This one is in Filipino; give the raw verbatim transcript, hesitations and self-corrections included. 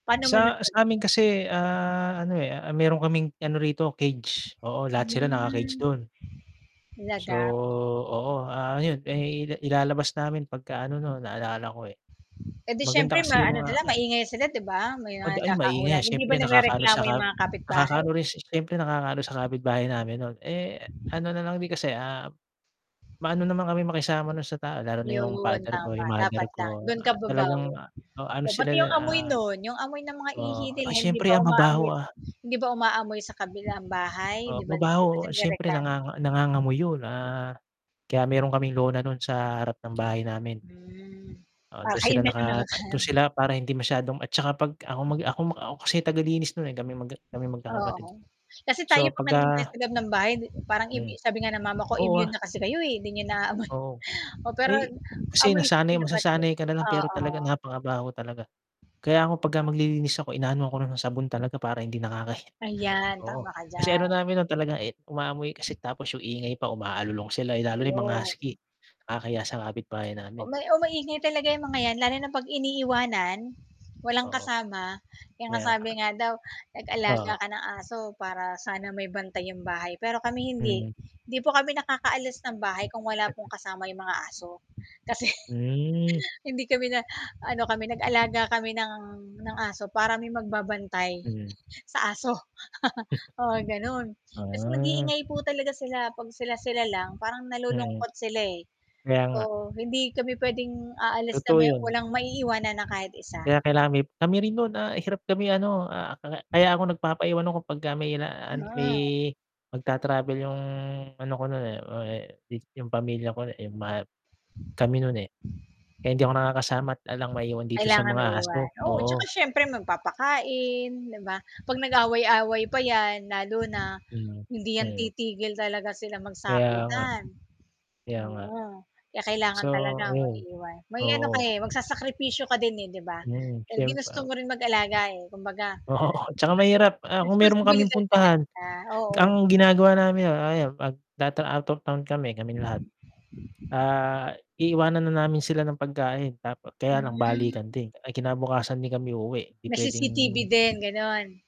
Paano mo Sa nasabi ba? sa'min kasi, ah, ano, eh, ah, meron kaming ano rito, cage. Oo, lahat sila naka-cage Hmm. dun. So, Talaga? oo, ah, 'yun, eh, ilalabas namin 'pagka ano 'no, naalala ko, eh. Eh, 'di Maganda syempre, kasi yung maano na mga lang, hmm. maingay nga sila 'di ba, may 'Pag mga ay, maingay nga, nagkakahulan. Hindi syempre ba nakakaano sa nagrereklamo ka 'yung mga kapitbahay? nakakaano rin si syempre, nakakaano sa kapitbahay namin, nun. Eh, ano na lang din kasi, ah, maano naman kaming makisama nun sa tao, lalo na yung 'Yun, father ko, tama, yung mother dapat lang, ko. dun ka Ah, talagang, babawi. ah, oh, ano Oh, pati sila, 'yung amoy ah nun, 'yung amoy ng mga ihi oo, nila, ay, hindi syempre, ba ah, umaamoy mabaho, ah. hindi ba umaamoy sa kabilang bahay, di Oh, ba di ba sila mabaho, oo, syempre nagrereklamo? nanganga nangangamoy 'yun, ah, kaya meron kaming lona nun sa harap ng bahay namin. Hmm. Oo, Ah, dun kayo sila lang yung nakata dun nakakaalam. sila para hindi masyadong at tsaka pag ako mag ako ako kasi tagalinis nun, eh, kaming magka kaming magkakapatid. Oo, kasi tayo So, 'pag nandoon tayo 'pagka sa loob ng bahay hindi parang immu Hmm. sabi nga ng mama ko, Oo, "Immune ah. na kasi kayo, eh, hindi niyo naamoy" Oo. O pero, Ay, kasi amoy kasi nasanay naman din. masasanay ka na lang pero Oo. talaga napakabaho talaga. Gano'n Kaya ako, 'pagka ba? maglilinis ako, inaanuhan ko na nung sabon talaga para hindi nakakahiya. Ayan, Oo, tama ka kasi ano diyan. namin nun talaga, eh, umaamoy kasi tapos yung ingay pa, umaalulong sila. Eh, lalo na yung mga Ayun. husky, kakahiya sa kapitbahay O namin. may oh, maingay talaga 'yang mga 'yan lalo na 'pag iniiwanan, walang Oo. kasama. Kaya nga Kaya sabi nga. nga daw nag-alaga Oo. ka ng aso para sana may bantay 'yong bahay, pero kami hindi. Mm. Hindi po kami nakakaalis ng Hmm. bahay kung wala pong kasama 'yong mga aso. Kasi Hmm. hindi kami na ano kami, nag-alaga kami ng ng aso, para may magbabantay Mhm. sa aso. Gusto Oo, gano'n. ko nga. Kasi Ah. nag-iingay po talaga sila, 'pag sila-sila lang, parang Mm. nalulungkot sila, eh. Kaya nga. So, hindi kami pwedeng aalis na Totoo may 'yun. walang maiiwanan na kahit isa. Kaya kailangan mi kami rin no'n, ah, hirap kami ano, ah, akala Mhm. kaya ako nagpapaiwan ako 'pagka may la Yun an na may nga. magta-travel 'yung ano ko nun, eh, ah, eh, dis 'yung pamilya ko, eh, ma kami nun, eh. Kaya hindi ako nakakasama at alang maiwan dito sa Kailangan mga maiwan, aso, oo. 'Tsaka oo. siyempre, magpapakain, 'di ba? 'Pag nag-away-away pa 'yan lalo na, Mm. hindi 'yan Mm. titigil talaga silang Kaya nga. magsakitan. Kaya nga. Oo, kaya kailangan So, talaga ayun maiwan. May, ano, ka, oo. eh magsasakripisyo ka din, eh, 'di ba? Mm, Eh, ginusto siyempa mo rin mag-alaga, eh, kumbaga ano Oo, 'tsaka mahirap. Ah, yan eh, kung meron kaming responsibilidad talaga puntahan, sya. Oo. ang ginagawa namin 'yun, ah, yun 'pag 'dati, out of town kami, kaming lahat, ah, iiwanan na namin sila ng pagkain tapo kaya lang balikan Hmm. din ay, kinabukasan din kami uuwi 'di Na C-C-T-V pwedeng din, gano'n?